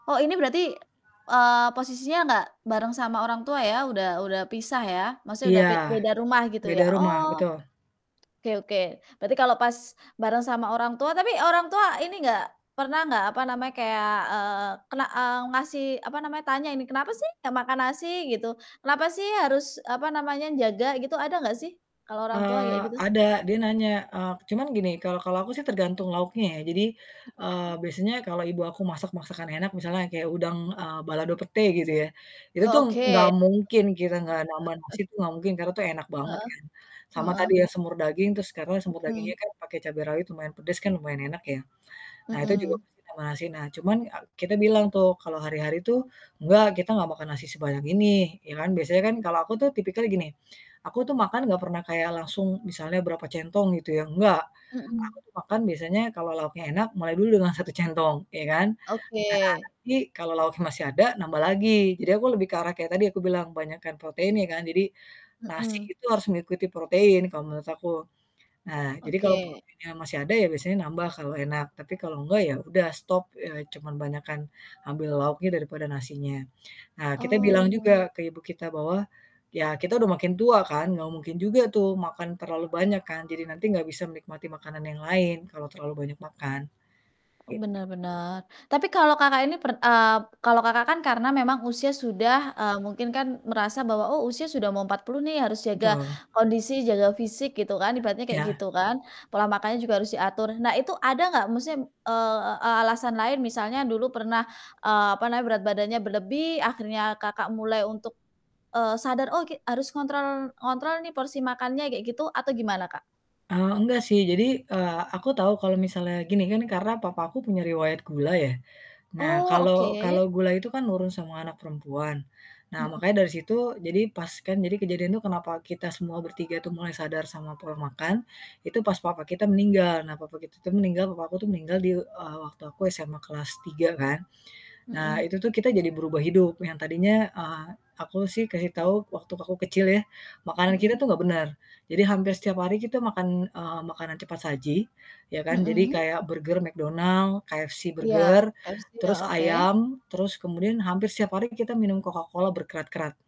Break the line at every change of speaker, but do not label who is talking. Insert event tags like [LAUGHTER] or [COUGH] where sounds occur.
Oh ini berarti, eee, posisinya nggak bareng sama orang tua ya? Udah udah pisah ya? Maksudnya udah
Iya,
pe beda rumah gitu ya?
beda rumah,
Oh.
betul.
Oke oke, berarti kalau pas bareng sama orang tua tapi orang tua ini enggak, pernah enggak, apa namanya, kayak, eee, kena eee, ngasih, apa namanya, tanya ini, kenapa sih nggak makan nasi, gitu. Kenapa sih harus, apa namanya, jaga, gitu, ada enggak sih? Kalau orang tua
Eee,
kayak gitu?
ada, dia nanya, eee, cuman gini, kalau kalau aku sih tergantung lauknya ya, jadi, eee,
Mhm.
biasanya kalau ibu aku masak masakan enak misalnya kayak udang, eee, balado pete gitu ya, itu
Oh,
tuh nggak
oke.
mungkin kita nggak nambah nasi
[CHUCKLES]
itu nggak mungkin karena itu enak banget
Heeh
kan. Sama
heeh.
tadi yang semur daging terus karena semur
Mhm.
dagingnya kan pakai cabai rawit lumayan pedes kan lumayan enak ya. Nah, itu juga
Mhm.
pasti tambah nasi, nah, cuman ak kita bilang tuh kalau hari-hari tuh, "Enggak, kita nggak makan nasi sebanyak ini," ya kan, biasanya kan kalau aku tuh tipikalnya gini, aku tuh makan nggak pernah kayak langsung misalnya berapa centong, gitu ya, enggak! Aku
Mhm.
tuh makan biasanya kalau lauknya enak, mulai dulu dengan 1 centong, iya kan. Nah,
Oke.
nanti kalau lauknya masih ada, nambah lagi, jadi aku lebih ke arah kayak tadi aku bilang, banyakan proteinnya kan, jadi, nasi
Mhm.
itu harus mengikuti protein, kalau menurut aku. Nah, jadi kalau proteinnya
Oke.
masih ada ya biasanya nambah kalau enak, tapi kalau enggak, ya udah stop, eee, cuman banyakan, ambil lauknya daripada nasinya. Nah, kita bilang
Oh.
juga ke ibu kita bahwa, ya kita udah makin tua kan, nggak mungkin juga tuh makan terlalu banyak kan, jadi nanti nggak bisa menikmati makanan yang lain kalau terlalu banyak makan.
Oh,
Gitu.
benar benar. Tapi kalau, Kakak, ini pern eee, kalau, Kakak, kan karena memang usia sudah, eee, mungkin kan merasa bahwa, "Oh, usia sudah mau 40 nih, harus jaga
Betul.
kondisi, jaga fisik," gitu kan ibaratnya kayak
Iya.
gitu kan, pola makannya juga harus diatur. Nah, itu ada nggak, maksudnya m eee, alasan lain misalnya dulu pernah, eee, apa namanya, berat badannya berlebih, akhirnya, Kakak, mulai untuk, eee, sadar, "Oke, harus ngontrol ngontrol nih porsi makannya," kayak gitu atau gimana Kak?
Eee, enggak sih, jadi, eee, aku tahu kalau misalnya gini, kan karena papa aku punya riwayat gula ya. Nah,
Oh,
kalau
oke.
kalau gula itu kan nurun semua anak perempuan. Nah,
Mmm.
makanya dari situ, jadi pas kan jadi kejadian itu kenapa kita semua bertiga itu mulai sadar sama pola makan, itu pas papa kita meninggal, nah, papa kita tuh meninggal papa aku tuh meninggal di e eee, waktu aku SMA kelas 3 kan. Nah,
Mmm.
itu tuh kita jadi berubah hidup yang tadinya, eee, aku sih kasih tahu, waktu aku kecil ya. Makanan kita tuh
Mhm.
nggak bener. Jadi, hampir setiap hari kita makan, eee, makanan cepat saji, ya kan, jadi
Mhm.
kayak burger McDonald's, KFC
Iya,
burger,
KFC ya,
terus
oke.
ayam terus kemudian hampir setiap hari kita minum Coca-Cola berkerat-kerat.